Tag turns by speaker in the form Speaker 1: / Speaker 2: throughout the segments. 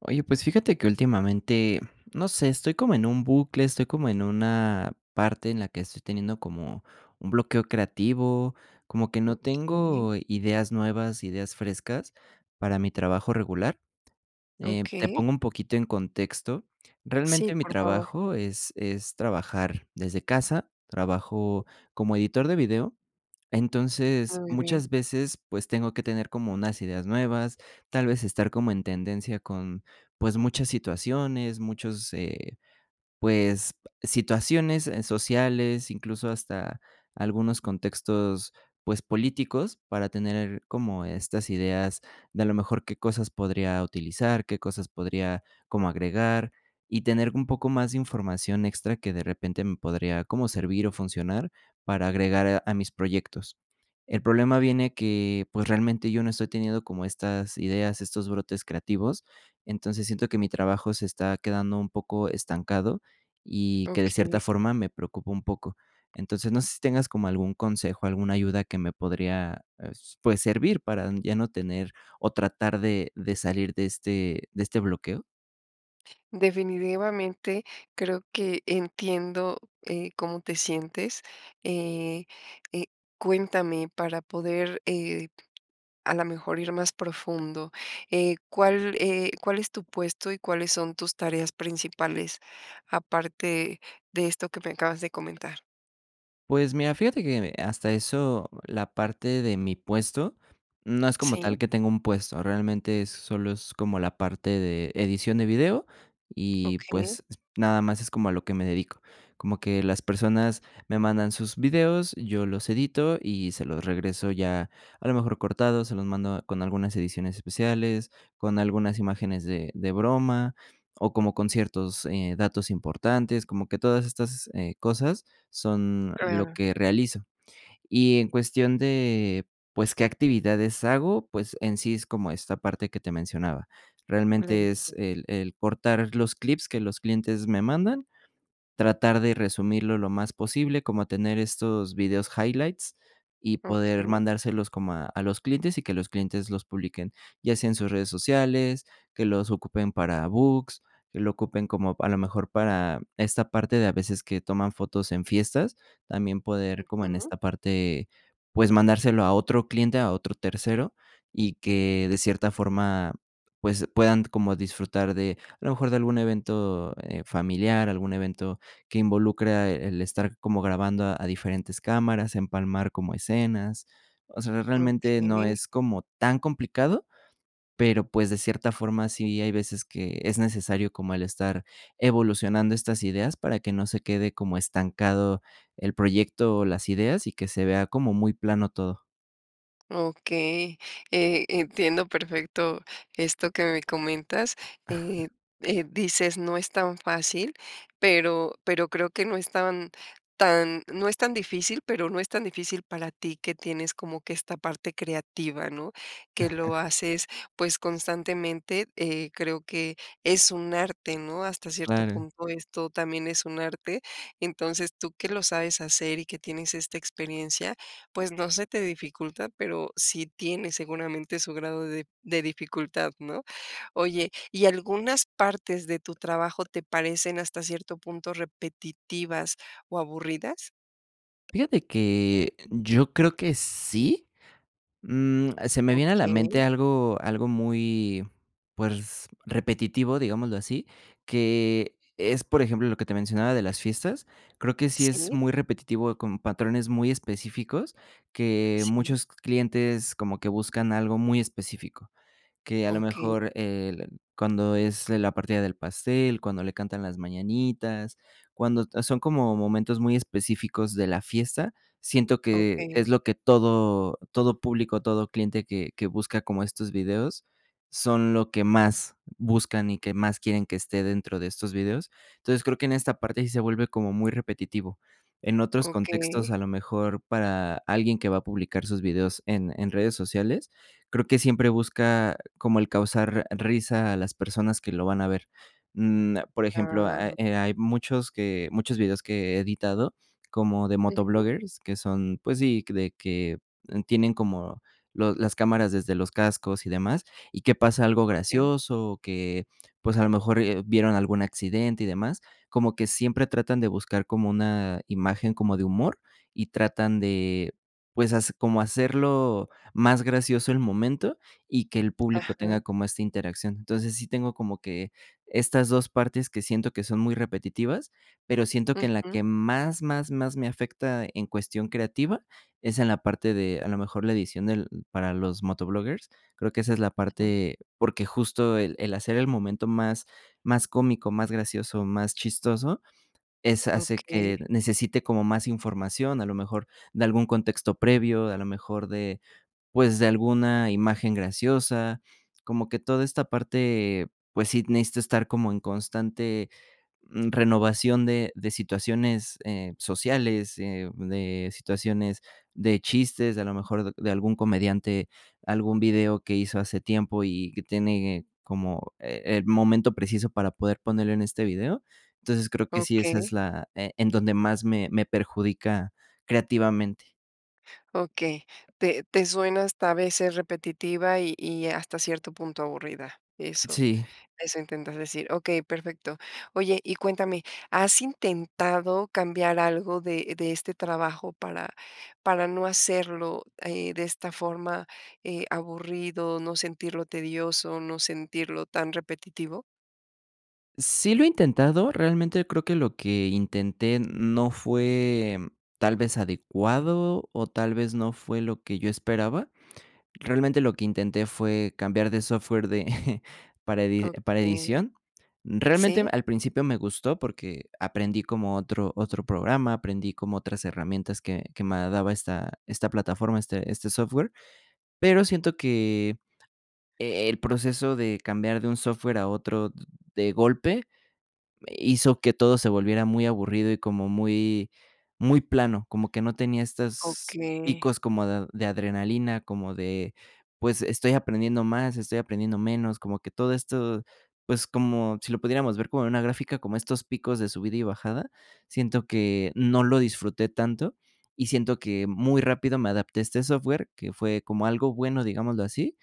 Speaker 1: Oye, pues fíjate que últimamente, no sé, estoy como en un bucle, estoy como en una parte en la que estoy teniendo como un bloqueo creativo, como que no
Speaker 2: Okey.
Speaker 1: tengo ideas nuevas, ideas frescas para mi trabajo regular, eh, te
Speaker 2: Okey.
Speaker 1: pongo un poquito en contexto.
Speaker 2: Sí,
Speaker 1: Realmente, mi
Speaker 2: por favor.
Speaker 1: trabajo es es trabajar desde casa, trabajo como editor de video. Entonces,
Speaker 2: Muy bien.
Speaker 1: muchas veces, pues tengo que tener como unas ideas nuevas, tal vez estar como en tendencia con pues muchas situaciones, muchos, eh, pues situaciones sociales, incluso hasta algunos contextos, pues políticos, para tener como estas ideas de, a lo mejor, qué cosas podría utilizar, qué cosas podría como agregar y tener un poco más de información extra que de repente me podría como servir o funcionar para agregar a mis proyectos. El problema viene que, pues realmente yo no estoy teniendo como estas ideas, estos brotes creativos. Entonces siento que mi trabajo se está quedando un poco estancado y que de cierta
Speaker 2: Okey.
Speaker 1: forma me preocupa un poco. Entonces, no sé si tengas como algún consejo, alguna ayuda que me podría, eh, s pues servir para ya no tener o tratar de de salir de este de este bloqueo.
Speaker 2: Definitivamente creo que entiendo, eh, cómo te sientes. Eh, eh, cuéntame para poder, eh, a lo mejor ir más profundo, eh, ¿cuál, eh, cuál es tu puesto y cuáles son tus tareas principales aparte de esto que me acabas de comentar?
Speaker 1: Pues mira, fíjate que, mm, eh, hasta eso la parte de mi puesto no es como
Speaker 2: Sí.
Speaker 1: tal que tengo un puesto. Realmente solo es como la parte de edición de video y,
Speaker 2: Okey.
Speaker 1: pues, nada más es como a lo que me dedico. Como que las personas me mandan sus videos, yo los edito y se los regreso ya a lo mejor cortados, se los mando, ah, con algunas ediciones especiales, con algunas imágenes de de broma o como con ciertos, eh, datos importantes, como que todas estas, eh, cosas son lo
Speaker 2: Claro.
Speaker 1: que realizo. Y en cuestión de, pues, qué actividades hago, pues en sí es como esta parte que te mencionaba. Realmente
Speaker 2: [unintelligible]
Speaker 1: es el el portar los clips que los clientes me mandan. Tratar de resumirlo lo más posible, como tener estos vídeos highlights y poder
Speaker 2: Okey.
Speaker 1: mandárselos como a a los clientes y que los clientes los publiquen, ya sea en sus redes sociales, que los ocupen para books, que lo ocupen como a lo mejor para esta parte de a veces que toman fotos en fiestas, también poder como en
Speaker 2: Ujú.
Speaker 1: esta parte, pues, mandárselo a otro cliente, a otro tercero y que de cierta forma, pues, puedan como disfrutar de a lo mejor de algún evento, eh, familiar, algún evento que involucra el estar como grabando a diferentes cámaras, empalmar como escenas. O sea, realmente no
Speaker 2: Okey.
Speaker 1: es como tan complicado. Pero, pues, de cierta forma sí hay veces que es necesario como el estar evolucionando estas ideas para que no se quede como estancado el proyecto o las ideas y que se vea como muy plano todo.
Speaker 2: Okey, eh, entiendo, perfecto esto que me comentas, eh eh, dices: "No es tan fácil", pero pero creo que, no es tan tan no es tan difícil, pero, no es tan difícil para ti, que tienes como que esta parte creativa, ¿no?, que lo haces, pues constantemente, eh, creo que es un arte, ¿no?, hasta cierto
Speaker 1: Claro.
Speaker 2: punto, esto también es un arte, entonces tú que lo sabes hacer y que tienes esta experiencia pues, no se te dificulta, pero, sí tiene seguramente su grado de de dificultad, ¿no? Oye, y, ¿algunas partes de tu trabajo, te parecen hasta cierto punto repetitivas o aburridas?
Speaker 1: Fíjate que yo creo que sí, mm, se me viene a la mente
Speaker 2: Okey.
Speaker 1: algo algo muy, pues, repetitivo, digámoslo así, que es, por ejemplo, lo que te mencionaba de las fiestas, creo que sí es
Speaker 2: Sí.
Speaker 1: muy repetitivo con patrones muy específicos, que
Speaker 2: Sí.
Speaker 1: muchos clientes, como que buscan algo muy específico, que a lo
Speaker 2: Okey.
Speaker 1: mejor el cuando es la partida del pastel, cuando le cantan las mañanitas, cuando son como momentos muy específicos de la fiesta, siento que
Speaker 2: Okey.
Speaker 1: es lo que todo todo público, todo cliente que que busca como estos videos son lo que más buscan y que más quieren que esté dentro de estos vídeos, entonces creo que en esta parte sí se vuelve como muy repetitivo, en otros contextos,
Speaker 2: Okey.
Speaker 1: a lo mejor para alguien que va a publicar sus videos en en redes sociales, creo que siempre busca como el causar risa a las personas que lo van a ver, mm, por ejemplo, eh,
Speaker 2: Ah.
Speaker 1: ah, hay muchos que muchos vídeos que he editado como de
Speaker 2: Ujú.
Speaker 1: motovloggers que son, pues sí, de que tienen como los las cámaras desde los cascos y demás y que pasa algo
Speaker 2: Okey.
Speaker 1: gracioso, o que pues a lo mejor, eh, vieron algún accidente y demás, como que siempre tratan de buscar como una imagen como de humor y tratan de, pues, has como hacerlo más gracioso el momento y que el público
Speaker 2: Ajá.
Speaker 1: tenga como esta interacción, entonces sí tengo como que estas 2, partes que siento que son muy repetitivas, pero, siento que en la
Speaker 2: Ujú.
Speaker 1: que más más más me afecta en cuestión creativa, es en la parte de, a lo mejor la edición del para los motovloggers, creo que esa es la
Speaker 2: Ujú.
Speaker 1: parte, porque, justo el el hacer el momento más más cómico, más gracioso, más chistoso, es hace
Speaker 2: Okey.
Speaker 1: que necesite como más información, a lo mejor de algún contexto previo, a lo mejor de, pues, de alguna imagen graciosa, como que toda esta parte, pues, sí necesito estar como en constante, mm, renovación de de situaciones, eh, sociales, eh, de situaciones de chistes, a lo mejor de algún comediante, algún video que hizo hace tiempo y que tiene como, eh, el momento preciso para poder ponerlo en este video, entonces creo que sí, esa es
Speaker 2: Okey.
Speaker 1: la, eh, en donde más me me perjudica creativamente.
Speaker 2: Okey, te te suena hasta a veces repetitiva y y hasta cierto punto aburrida, eso
Speaker 1: Sí.
Speaker 2: eso intentas decir, okey, perfecto, oye, y cuéntame, ¿has intentado cambiar algo de de este trabajo para para no hacerlo, eh, de esta forma, eh, aburrido, no sentirlo tedioso, no sentirlo tan repetitivo?
Speaker 1: Sí, lo he intentado, realmente creo que lo que intenté no fue tal vez, adecuado, o tal vez, no fue lo que yo esperaba, realmente lo que intenté fue cambiar de software de para edi para
Speaker 2: Okey,
Speaker 1: edición, realmente
Speaker 2: sí.
Speaker 1: al principio me gustó porque aprendí como otro otro programa, aprendí como otras herramientas que que me daba esta esta plataforma, este este software, pero siento que, e el proceso de cambiar de un software a otro de golpe hizo que todo se volviera muy aburrido y como muy muy plano, como que no tenía estos
Speaker 2: Okey.
Speaker 1: picos como de de adrenalina, como de, pues, estoy aprendiendo más, estoy aprendiendo menos, como que todo esto, pues, como si lo pudiéramos ver como una gráfica, como estos picos de subida y bajada, siento que no lo disfruté tanto y siento que muy rápido me adapté a este software, que fue como algo bueno, digámoslo así,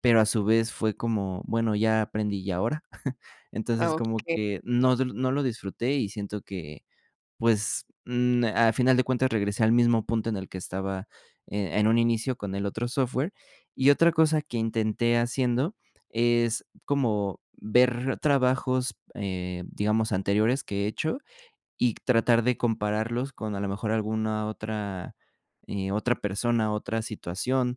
Speaker 1: pero a su vez fue como, bueno, ya aprendí, ¿y ahora?,
Speaker 2: Ah,
Speaker 1: entonces como
Speaker 2: okey,
Speaker 1: que
Speaker 2: eh.
Speaker 1: no no lo disfruté y siento que, pues, mm, al final de cuentas, regresé al mismo punto en el que estaba, eh, en un inicio con el otro software, y otra cosa que intenté haciendo es como ver trabajos, eh, digamos anteriores que he hecho y tratar de compararlos con a lo mejor, alguna otra, eh, otra persona, otra situación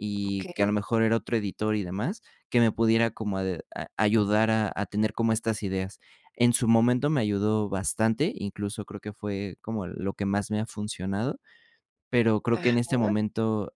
Speaker 1: y que, a lo
Speaker 2: Okey.
Speaker 1: mejor, era otro editor y demás, que me pudiera como a a ayudar a a tener como estas ideas, en su momento me ayudó bastante, incluso creo que fue como lo que más me ha funcionado, pero creo que en este
Speaker 2: Ajá.
Speaker 1: momento,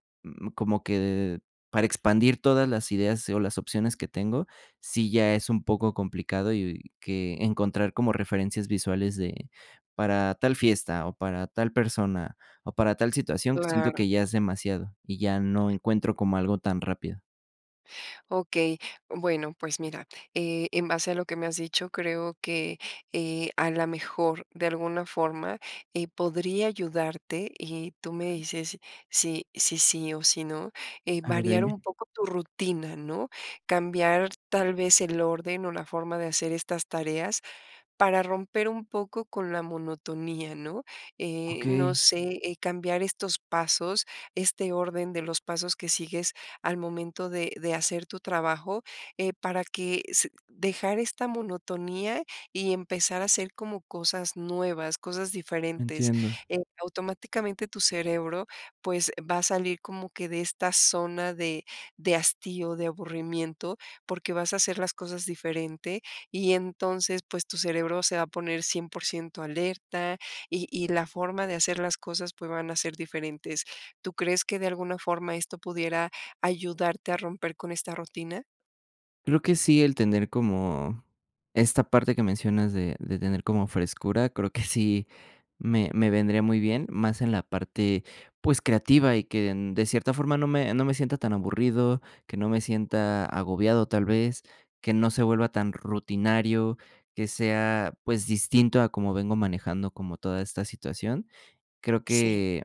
Speaker 1: como que para expandir todas las ideas o las opciones que tengo, sí, ya es un poco complicado y que encontrar como referencias visuales de para tal fiesta, o para tal persona, o para tal situación, siento
Speaker 2: Claro.
Speaker 1: que ya es demasiado y ya no encuentro como algo tan rápido.
Speaker 2: Okey. Bueno, pues mira, eh, en base a lo que me has dicho, creo que, eh, a lo mejor de alguna forma, eh, podría ayudarte y tú me dices si si sí o si no, eh,
Speaker 1: Ah,
Speaker 2: variar
Speaker 1: dime.
Speaker 2: un poco tu rutina, ¿no?, cambiar tal vez el orden o la forma de hacer estas tareas para romper un poco con la monotonía, ¿no?, eh, no
Speaker 1: Okey.
Speaker 2: sé, eh, cambiar estos pasos, este orden de los pasos que sigues al momento de de hacer tu trabajo, eh, para que se dejar esta monotonía y empezar a hacer como cosas nuevas, cosas diferentes.
Speaker 1: Entiendo.
Speaker 2: Eh, automáticamente, tu cerebro, pues, va a salir como que de esta zona de de hastío, de aburrimiento, porque vas a hacer las cosas diferentes y entonces, pues, tu cerebro se va a poner 100% alerta y y la forma de hacer las cosas, pues, van a ser diferentes. ¿Tú crees que de alguna forma esto pudiera ayudarte a romper con esta rutina?
Speaker 1: Creo que sí, el tener como, esta parte que mencionas de de tener como frescura, creo que sí, me me vendría muy bien, más en la parte, pues, creativa y que de cierta forma no me no me sienta tan aburrido, que no me sienta agobiado, tal vez, que no se vuelva tan rutinario, que sea, pues, distinto a como vengo manejando como toda esta situación. Creo
Speaker 2: Sí.
Speaker 1: que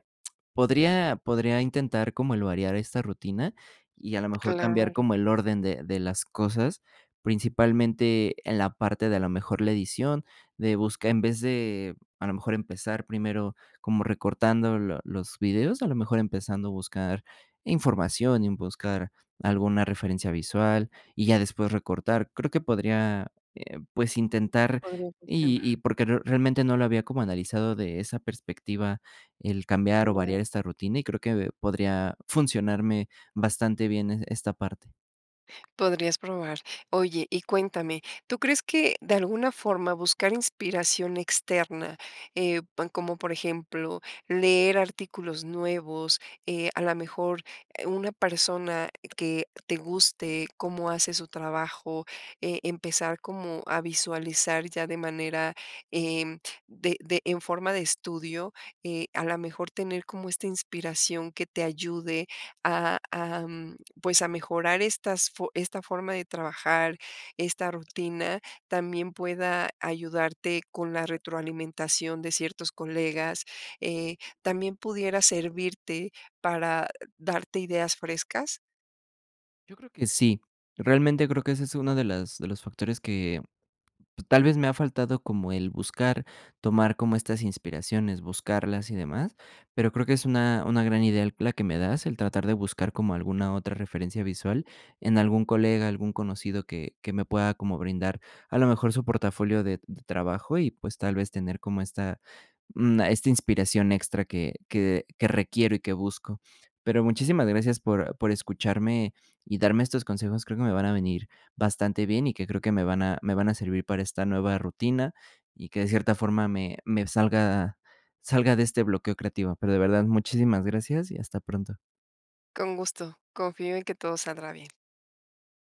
Speaker 1: podría podría intentar como el variar esta rutina y a lo mejor cambiar
Speaker 2: Claro.
Speaker 1: como el orden de de las cosas, principalmente en la parte de, a lo mejor, la edición de buscar en vez de, a lo mejor, empezar primero como recortando lo los vídeos, a lo mejor, empezando a buscar información y buscar alguna referencia visual y ya después recortar. Creo que podría, eh, pues, intentar
Speaker 2: Podría
Speaker 1: y
Speaker 2: funcionar.
Speaker 1: y porque realmente no lo había como analizado de esa perspectiva, el cambiar o
Speaker 2: Claro.
Speaker 1: variar esta rutina, y creo que podría funcionarme bastante bien e esta parte.
Speaker 2: Podrías probar. Oye, y cuéntame. Tú crees que de alguna forma buscar inspiración externa, eh, po como por ejemplo leer artículos nuevos, eh, a la mejor una persona que te guste cómo hace su trabajo, eh, empezar como a visualizar ya de manera, em, de de en forma de estudio, eh, a la mejor tener como esta inspiración que te ayude a a, pues, a mejorar estas fo esta forma de trabajar, esta rutina, también pueda ayudarte con la retroalimentación de ciertos colegas, eh, ¿también pudiera servirte para darte ideas frescas?
Speaker 1: Yo creo que sí. Realmente creo que ese es uno de las de los factores que tal vez me ha faltado, como el buscar, tomar como estas inspiraciones, buscarlas y demás, pero creo que es una una gran idea la que me das, el tratar de buscar como alguna otra referencia visual en algún colega, algún conocido que que me pueda como brindar a lo mejor su portafolio de de trabajo y, pues, tal vez tener como esta, mm, esta inspiración extra que que que requiero y que busco. Pero muchísimas gracias por por escucharme y darme estos consejos, creo que me van a venir bastante bien y que creo que me van a me van a servir para esta nueva rutina y que de cierta forma me me salga salga de este bloqueo creativo, pero de verdad, muchísimas gracias y hasta pronto.
Speaker 2: Con gusto, confío en que todo saldrá bien.